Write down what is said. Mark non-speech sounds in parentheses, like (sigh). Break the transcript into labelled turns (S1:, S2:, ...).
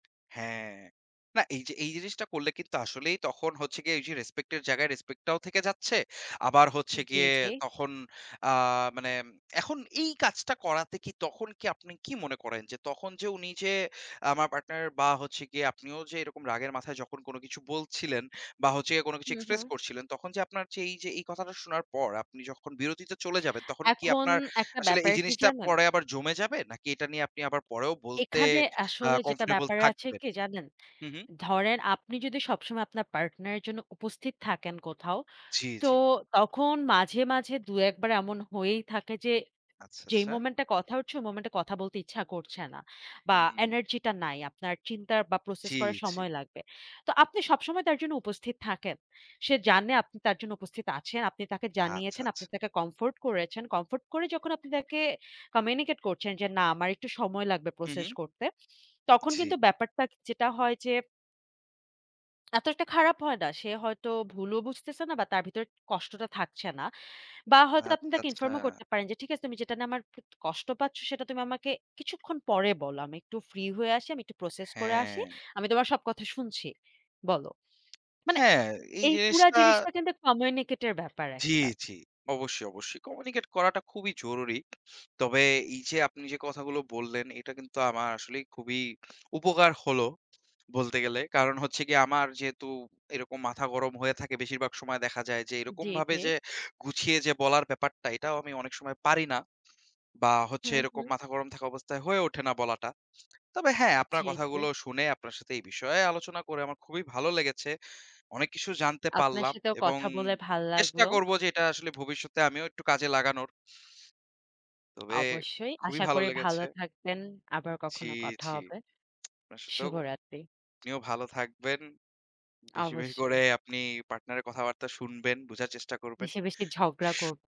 S1: হ্যাঁ। না এইযে এই জিনিসটা করলে কিন্তু আসলেই তখন হচ্ছে গিয়ে এইযে রেসপেক্টের জায়গায় রেসপেক্টটাও থেকে যাচ্ছে। আবার হচ্ছে
S2: জি,
S1: গিয়ে
S2: জি।
S1: তখন আ মানে এখন এই কাজটা করাতে কি? তখন কি আপনি কি মনে করেন? যে তখন যে উনি যে আমার পার্টনার বা, হচ্ছে গিয়ে আপনিও যে এরকম রাগের মাথায় যখন কোন কিছু বলছিলেন বা, হচ্ছে গিয়ে কোন কিছু
S2: হু,
S1: এক্সপ্রেস
S2: হু।
S1: করছিলেন, তখন যে আপনার যে এইযে এই কথাটা শোনার পর আপনি যখন বিরতিতে চলে যাবেন, তখন কি
S2: এখন
S1: আপনার
S2: একটা
S1: আসলে এই
S2: ব্যাপার কি
S1: জিনিসটা
S2: জানেন?
S1: পরে আবার জমে যাবে? নাকি এটা নিয়ে আপনি আবার পরেও বলতে
S2: এখানে
S1: আ
S2: আসলে যেটা
S1: কমফোর্টেবল
S2: ব্যাপার আছে
S1: থাকবেন?
S2: কি জানেন?
S1: হু, হু।
S2: ধরেন আপনি যদি সবসময় আপনার পার্টনারের জন্য উপস্থিত থাকেন কোথাও,
S1: জি,
S2: তো
S1: জি।
S2: তখন মাঝে, মাঝে ২, ১ বার এমন হয়েই থাকে যে
S1: আচ্ছা,
S2: যেই
S1: আচ্ছা।
S2: মোমেন্টে কথা হচ্ছে, ওই মোমেন্টে কথা বলতে ইচ্ছা করছে না বা,
S1: হুম।
S2: এনার্জিটা নাই। আপনার চিন্তার বা, প্রসেস
S1: জি,
S2: করার
S1: জি।
S2: সময় লাগবে। তো আপনি সবসময় তার জন্য উপস্থিত থাকেন। সে জানে আপনি তার জন্য উপস্থিত আছেন। আপনি তাকে
S1: আচ্ছা,
S2: জানিয়েছেন,
S1: আচ্ছা।
S2: আপনি তাকে কমফোর্ট করেছেন। কমফোর্ট করে যখন আপনি তাকে কমিউনিকেট করছেন যে, না, আমার একটু সময় লাগবে
S1: হু,
S2: প্রসেস
S1: হু।
S2: করতে, (sniffs) তখন
S1: জি।
S2: কিন্তু ব্যাপারটা য যেটা হয় যে এত একটা খারাপ হয় না। সে হয়তো ভুলও বুঝতেছে না বা তার ভিতরে কষ্টটা থাকছে না। বা হয়তো
S1: আচ্ছা,
S2: আপনি তাকে ইনফর্মও
S1: আচ্ছা।
S2: করতে পারেন যে, "ঠিক আছে, তুমি যেটা নিয়ে আমার প কষ্ট পাচ্ছো, সেটা তুমি আমাকে কিছুক্ষণ পরে বলো। আমি একটু ফ্রি হয়ে আসি, আমি একটু প্রসেস করে আসি।
S1: হ্যাঁ।
S2: আমি তোমার সব কথা শুনছি, বলো।" মানে
S1: হ্যাঁ, এই
S2: এই পুরা
S1: জিনিসটা
S2: জিনিসটা কিন্তু কমিউনিকেটের ব্যাপার
S1: জি,
S2: একটা।
S1: জি। অবশ্যই, অবশ্যই। কমিউনিকেট করাটা খুবই জরুরি। তবে এইযে আপনি যে কথাগুলো বললেন এটা কিন্তু আমার আসলেই খুবই উপকার হলো বলতে গেলে। কারণ হচ্ছে গিয়ে আমার যেহেতু এরকম মাথা গরম হয়ে থাকে, বেশিরভাগ সময় দেখা যায় যে
S2: জি,
S1: এরকমভাবে
S2: জি।
S1: যে গুছিয়ে (blows air) যে বলার ব্যাপারটা এটাও আমি অনেক সময় পারি না। বা হচ্ছে
S2: হুম,
S1: এরকম
S2: হুম।
S1: মাথা গরম থাকা অবস্থায় হয়ে উঠে না বলাটা। তবে হ্যাঁ, আপনার
S2: জি, জি।
S1: কথাগুলো শুনে আপনার সাথে এই বিষয়ে আলোচনা করে আমার খুবই ভালো লেগেছে। অনেক কিছু জানতে
S2: আপনার
S1: পারলাম
S2: সাথেও
S1: এবং
S2: কথা বলে ভালো
S1: চেষ্টা
S2: লাগলো।
S1: করবো যে এটা আসলে ভবিষ্যতে আমিও একটু কাজে লাগানোর। তবে
S2: অবশ্যই।
S1: খুবই
S2: আশা
S1: ভালো
S2: করি ভালো
S1: লেগেছে।
S2: থাকবেন। আবার
S1: জি,
S2: কখনো কথা
S1: জি।
S2: হবে।
S1: আসলেও
S2: শুভরাত্রি।
S1: আপনিও ভালো থাকবেন। বেশি, বেশি করে
S2: অবশ্যই।
S1: আপনি পার্টনারের কথাবার্তা শুনবেন, বুঝার চেষ্টা করবেন।
S2: বেশি, বেশি ঝগড়া
S1: (sniffs)
S2: করবো।